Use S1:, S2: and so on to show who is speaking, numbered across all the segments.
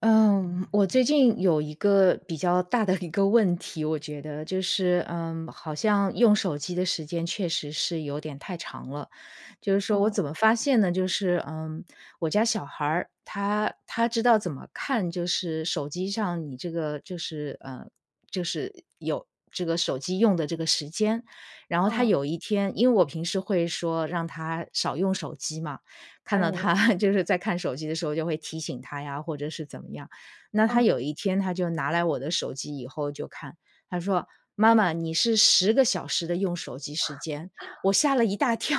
S1: 嗯，我最近有一个比较大的一个问题，我觉得，就是，嗯，好像用手机的时间确实是有点太长了，就是说我
S2: 哦。
S1: 怎么发现呢？就是，呃，我家小孩儿，他他知道怎么看就是手机上你这个就是，呃就是有这个手机用的这个时间。然后他
S2: 嗯。
S1: 有一天因为我平时会说让他少用手机嘛，看到
S2: 哎。
S1: 他就是在看手机的时候就会提醒他呀，或者是怎么样。那他
S2: 嗯。
S1: 有一天他就拿来我的手机以后就看，他说：“妈妈，你是10个小时的用手机时间”，我吓了一大跳，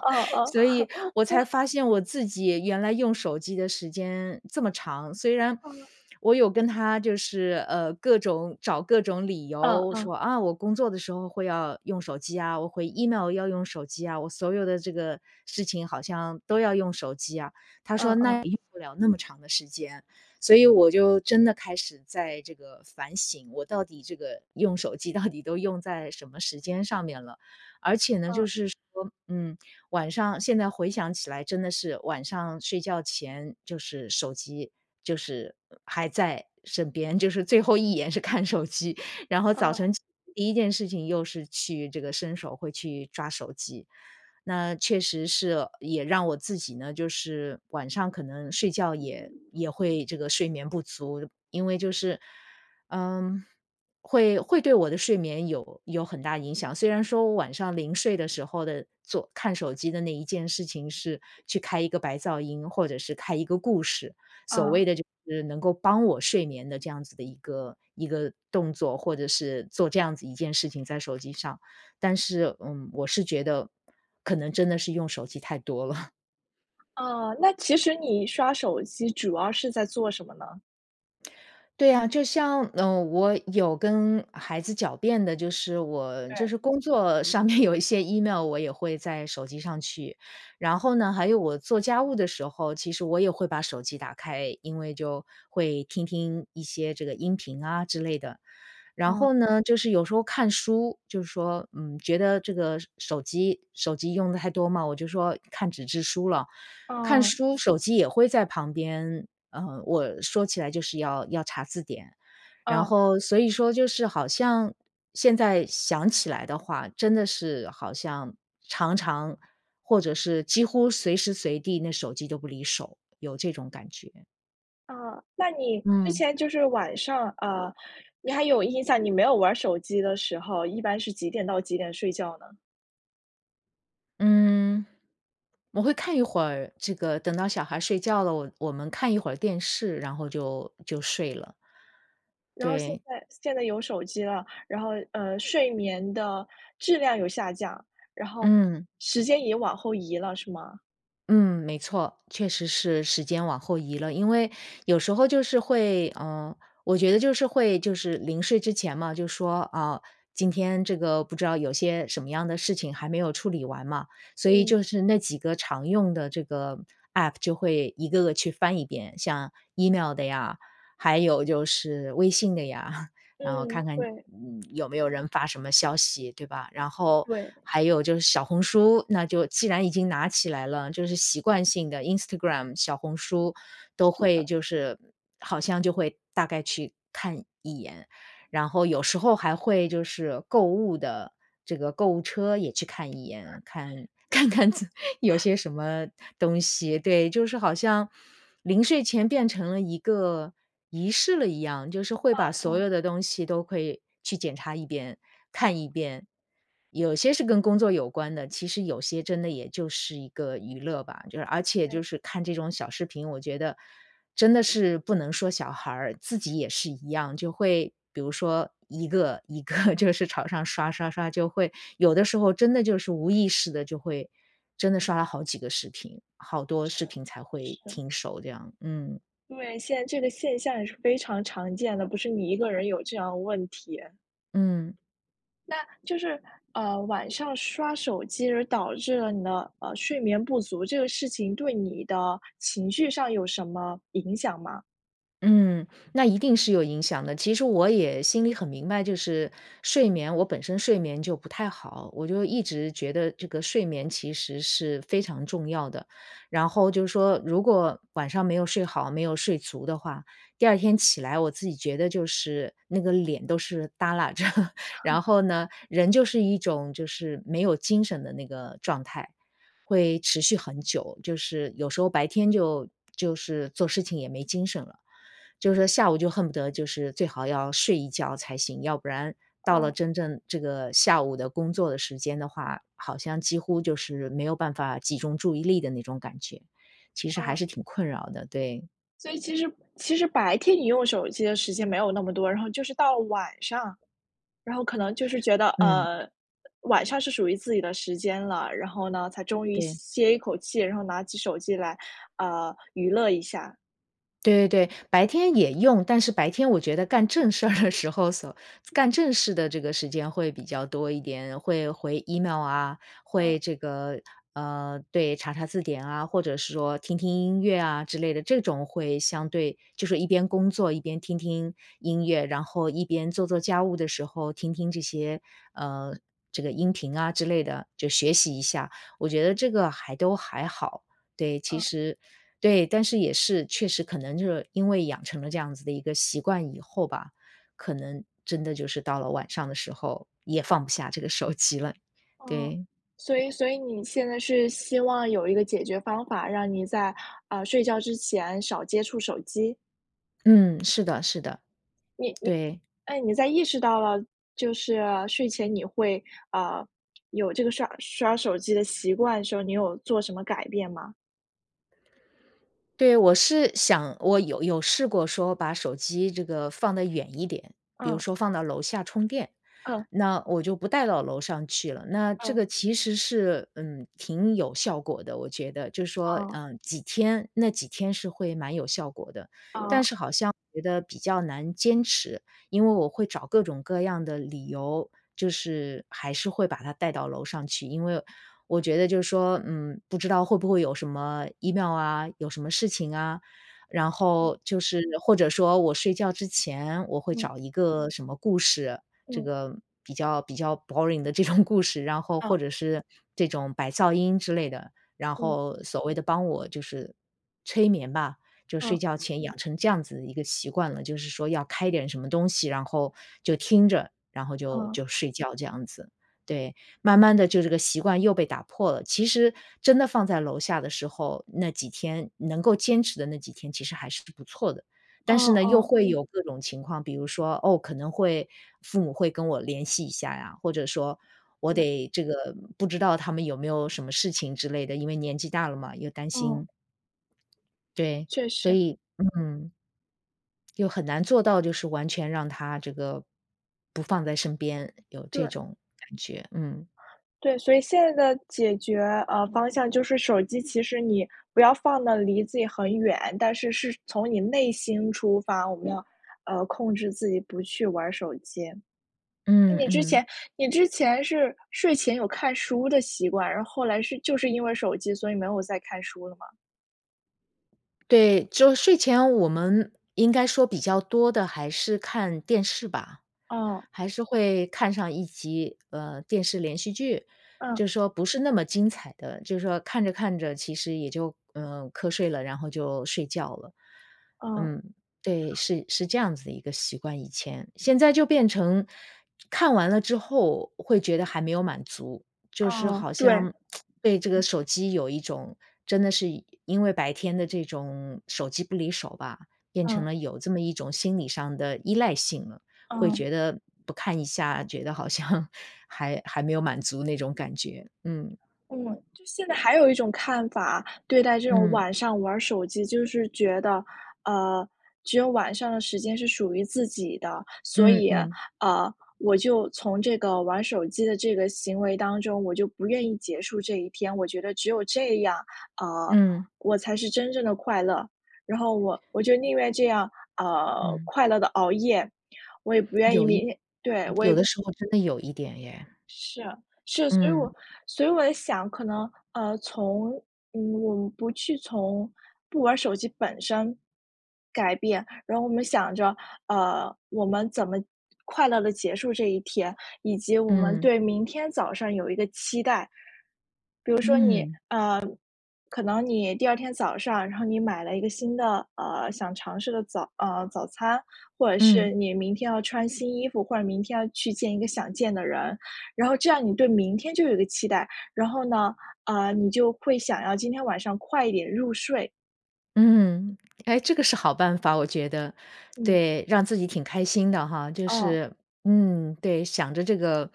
S2: 哦 哦。
S1: 所以我才 发现我自己原来用手机的时间这么长。虽然
S2: 嗯。
S1: 我有跟他就是，呃，各种找各种理
S2: 嗯
S1: 由
S2: 嗯。
S1: 说：“啊，我工作的时候会要用手机啊，我回 email 要用手机啊，我所有的这个事情好像都要用手机啊”。他
S2: 嗯
S1: 说：
S2: 嗯。
S1: “那也用不了那么长的时间。”所以我就真的开始在这个反省，我到底这个用手机到底都用在什么时间上面了。而且呢，就
S2: 嗯。
S1: 是说，嗯，晚上现在回想起来真的是晚上睡觉前就是手机就是还在身边，就是最后一眼是看手机，然后早
S2: 哦。
S1: 晨起第1件事情又是去这个伸手会去抓手机。那确实是，也让我自己呢，就是晚上可能睡觉也也会这个睡眠不足，因为就是嗯，会会对我的睡眠有有很大影响。虽然说我晚上临睡的时候的做看手机的那一件事情是去开一个白噪音，或者是开一个故事，所
S2: 嗯。
S1: 谓的就是能够帮我睡眠的这样子的一个一个动作，或者是做这样子一件事情在手机上，但是，嗯，我是觉得可能真的是用手机太多了。
S2: 啊，那其实你刷手机主要是在做什么呢？
S1: 对啊，就像，呃，我有跟孩子狡辩的，就是我就
S2: 对。
S1: 是工作上面有一些 Email 我也会在手机上去。然后呢，还有我做家务的时候，其实我也会把手机打开。因为就会听听一些这个音频啊之类的。然
S2: 嗯。
S1: 后呢，就是有时候看书，就说，嗯，觉得这个手手机手机用的太多嘛，我就说看纸质书了。看
S2: 嗯。
S1: 书手机也会在旁边呃，我说起来就是要要查字典。然
S2: 啊。
S1: 后，所以说就是好像现在想起来的话，真的是，好像常常或者是几乎随时随地那手机都不离手，有这种感觉。
S2: 啊，那你之
S1: 嗯。
S2: 前就是晚上啊，你还有印象，你没有玩儿手机的时候，一般是几点到几点睡觉呢？
S1: 嗯，我会看一会儿这个等到小孩睡觉了，我我们看一会电视，然后就就睡了。
S2: 然后现
S1: 对。
S2: 在现在有手机了，然后，呃，睡眠的质量有下降，然后
S1: 嗯。
S2: 时间也往后移了是吗？
S1: 嗯，没错，确实是时间往后移了。因为有时候就是会呃，我觉得就是会就是临睡之前嘛，就说，啊，今天这个不知道有些什么样的事情还没有处理完嘛，所以
S2: 嗯。
S1: 就是那几个常用的这个 App 就会一个个去翻一遍，像 email 的呀，还有就是微信的呀，然后
S2: 嗯，
S1: 看看，
S2: 对。
S1: 嗯，有没有人发什么消息，对吧？然后
S2: 对。
S1: 还有就是小红书，那就既然已经拿起来了，就是习惯性地 Instagram、小红书都
S2: 是
S1: 会
S2: 的。
S1: 就是好像就会大概去看一眼，然后有时候还会就是购物的这个购物车也去看一眼，看看看有 些什么东西。对，就是好像临睡前变成了一个仪式了一样，就是会把
S2: 嗯
S1: 所
S2: 嗯。
S1: 有的东西都可以去检查一遍，看一遍。有些是跟工作有关的，其实有些真的也就是一个娱乐吧，就是而且
S2: 对。
S1: 就是看这种小视频，我觉得真的是不能说小孩儿，自己也是一样，就会比如说一个一个就是朝上刷刷刷，就会有的时候真的就是无意识地就会真的刷了好几个视频，好多
S2: 是
S1: 视频才会
S2: 是。
S1: 停手这样，嗯。
S2: 对，现在这个现象也是非常常见的，不是你一个人有这样的问题。
S1: 嗯。
S2: 那就是，呃，晚上刷手机而导致了你的，呃，睡眠不足，这个事情对你的情绪上有什么影响吗？
S1: 嗯，那一定是有影响的。其实我也心里很明白，就是睡眠我本身睡眠就不太好，我就一直觉得这个睡眠其实是非常重要的。然后就说如果晚上没有睡好、没有睡足的话，第2天起来我自己觉得就是那个脸都是搭拉着，然后呢，人就是一种就是没有精神的那个状态，会持续很久。就是有时候白天就-就是做事情也没精神了。就是说下午就恨不得就是最好要睡一觉才行，要不然到了
S2: 嗯。
S1: 真正这个下午的工作的时间的话，好像几乎就是没有办法集中注意力的那种感觉，其实还
S2: 嗯。
S1: 是挺困扰的，对。
S2: 所以其实其实白天你用手机的时间没有那么多，然后就是到晚上，然后可能就是觉得，
S1: 嗯。
S2: 呃，晚上是属于自己的时间了。然后呢，才终于
S1: 对。
S2: 歇一口气，然后拿起手机来，呃，娱乐一下。
S1: 对对对，白天也用，但是白天我觉得干正事儿的时候叟干正事的这个时间会比较多一点。会回 Email 啊，
S2: 嗯。
S1: 会这个呃，对，查查字典啊，或者是说听听音乐啊之类的，这种会相对就是一边工作一边听听音乐，然后一边做做家务的时候听听这些，呃，这个音频啊之类的，就学习一下。我觉得这个还都还好，对，其
S2: 嗯。
S1: 实对，但是也是，确实可能就是因为养成了这样子的一个习惯以后吧，可能真的就是到了晚上的时候，也放不下这个手机了，
S2: 哦，
S1: 对。
S2: 所以所以你现在是希望有一个解决方法，让你在，呃，睡觉之前少接触手机。
S1: 嗯，是的是的，
S2: 你你
S1: 对。
S2: 哎，你在意识到了就是睡前你会，呃，有这个刷刷手机的习惯的时候，你有做什么改变吗？
S1: 对，我是想我有有试过说把手机这个放得远一点。比如
S2: 嗯。
S1: 说放到楼下充电，
S2: 嗯。
S1: 那我就不带到楼上去了。那这
S2: 嗯。
S1: 个其实是，嗯，挺有效果的，我觉得。就是说，
S2: 哦。
S1: 呃，几天那几天是会蛮有效果的。但
S2: 哦。
S1: 是好像我觉得比较难坚持，因为我会找各种各样的理由，就是还是会把它带到楼上去，因为我觉得就是说，嗯，不知道会不会有什么 Email 啊，有什么事情啊，然
S2: 嗯。
S1: 后就是或者说我睡觉之前，我会
S2: 嗯。
S1: 找一个什么故事，这
S2: 嗯。
S1: 个比较比较 boring 的这种故事，然后
S2: 嗯。
S1: 或者是这种白噪音之类的，然
S2: 嗯。
S1: 后所谓的帮我就是催眠吧。就
S2: 嗯。
S1: 睡觉前养成这样子的一个习惯了，就是说要开一点什么东西，然后就听着，然后就
S2: 嗯。
S1: 就睡觉这样子，对。慢慢地就这个习惯又被打破了，其实真的放在楼下的时候，那几天能够坚持的那几天其实还是不错的，
S2: 哦
S1: 但是
S2: 哦
S1: 呢，又
S2: 哦。
S1: 会有各种情况。比如说，哦，可能会父母会跟我联系一下呀，或者说我
S2: 对。
S1: 得这个不知道他们有没有什么事情之类的，因为年纪大了嘛，有担
S2: 嗯。
S1: 心。对，
S2: 确
S1: 所
S2: 实。
S1: 以嗯。又很难做到就是完全让它这个，不放在身边，有这
S2: 对。
S1: 种感觉，嗯。
S2: 对，所以现在的解决，呃，方向就是手机其实你不要放得离自己很远，但是是从你内心出发，我们要，呃，控制自己不去玩儿手机。那
S1: 嗯
S2: 你之
S1: 嗯。
S2: 前你之前是睡前有看书的习惯，然后后来是就是因为手机，所以没有再看书了吗？
S1: 对，就睡前我们应该说比较多的还是看电视吧，
S2: 哦。
S1: 还是会看上一集，呃，电视连续剧。
S2: 嗯。
S1: 就说不是那么精彩的，就是说，看着看着其实也就，呃，瞌睡了，然后就睡觉了。
S2: 嗯。
S1: 嗯，对，是是这样子的一个习惯以前。现在就变成看完了之后，会觉得还没有满足，就是
S2: 嗯，
S1: 好
S2: 对。
S1: 像 对这个
S2: 嗯。
S1: 手机有一种真的是因为白天的这种手机不离手吧，变成
S2: 嗯。
S1: 了有这么一种心理上的依赖性了，会
S2: 嗯。
S1: 觉得不看一下，觉得好像还还没有满足那种感觉，嗯。
S2: 嗯，就现在还有一种看法，对待这种
S1: 嗯。
S2: 晚上玩儿手机就是觉得，呃，只有晚上的时间是属于自己的，所
S1: 嗯
S2: 以，
S1: 嗯。
S2: 呃，我就从这个玩手机的这个行为当中，我就不愿意结束这一天。我觉得只有这样，呃，
S1: 嗯。
S2: 我才是真正地快乐，然后我我就宁愿这样，呃，
S1: 嗯。
S2: 快乐地熬夜，我也不愿意
S1: 有一
S2: 明天对，我
S1: 有
S2: 也
S1: 的时候真的有一点耶。
S2: 是，是，所以我
S1: 嗯。
S2: 所以我也想可能，呃，从嗯，我们不去从不玩手机本身改变，然后我们想着，呃，我们怎么快乐地结束这一天，以及我们
S1: 嗯。
S2: 对明天早上有一个期待。比如说你，呃，
S1: 嗯。
S2: 可能你第二天早上，然后你买了一个新的，呃，想尝试的早呃，早餐，或者
S1: 嗯。
S2: 是你明天要穿新衣服，或者明天要去见一个想见的人。然后这样你对明天就有一个期待，然后呢，呃，你就会想要今天晚上快一点入睡。
S1: 嗯。哎，这个是好办法，我觉得。
S2: 嗯。
S1: 对，让自己挺开心的哈，就
S2: 哦。
S1: 是嗯，对。想着这个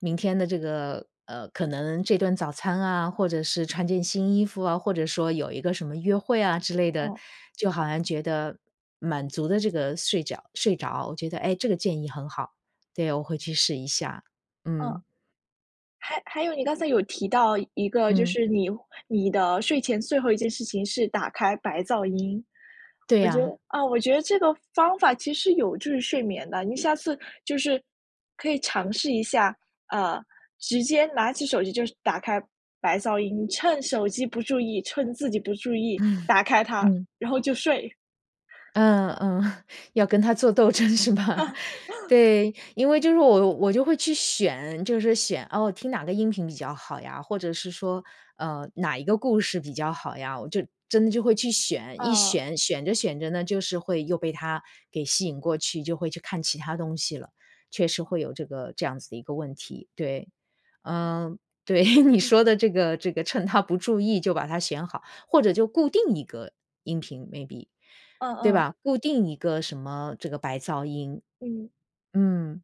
S1: 明天的这个，呃，可能这顿早餐啊，或者是穿件新衣服啊，或者说有一个什么约会啊之类的，
S2: 哦。
S1: 就好像觉得满足了这个睡觉睡着，我觉得，哎，这个建议很好，对，我会去试一下，
S2: 嗯。
S1: 嗯。
S2: 还还有你刚才有提到一个就
S1: 嗯。
S2: 是你你的睡前最后一件事情是打开白噪音。
S1: 对
S2: 我觉得
S1: 啊。
S2: 嗯，我觉得这个方法其实是有助于睡眠的，你下次就是可以尝试一下，呃，直接拿起手机就打开白噪音，趁手机不注意趁自己不注意，打开 它，
S1: 嗯。
S2: 然后就睡。
S1: 嗯嗯，要跟它做斗争是吧？对，因为就是我我就会去选就是选，哦，听哪个音频比较好呀，或者是说，呃，哪一个故事比较好呀，我就真的就会去选，一
S2: 嗯。
S1: 选选着选着呢就是会又被它给吸引过去，就会去看其它东西了，确实会有这个这样子的一个问题，对。嗯，对，你说的这个这个趁它不注意就把它选好，或者就固定一个音频 maybe。
S2: 嗯
S1: 对
S2: 嗯。
S1: 吧？固定一个什么这个白噪音，
S2: 嗯。
S1: 嗯。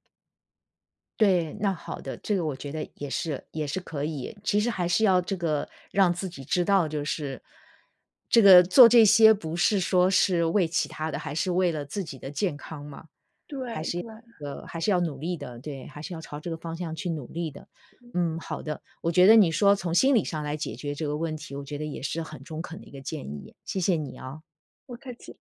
S1: 对，那好的，这个我觉得也是也是可以。其实还是要这个让自己知道就是这个做这些不是说是为其他的，还是为了自己的健康嘛，还
S2: 对
S1: 是要
S2: 对。
S1: 呃，还是要努力的，对，还是要朝这个方向去努力的。嗯，好的，我觉得你说从心理上来解决这个问题，我觉得也是很中肯的一个建议，谢谢你啊。
S2: 不客气。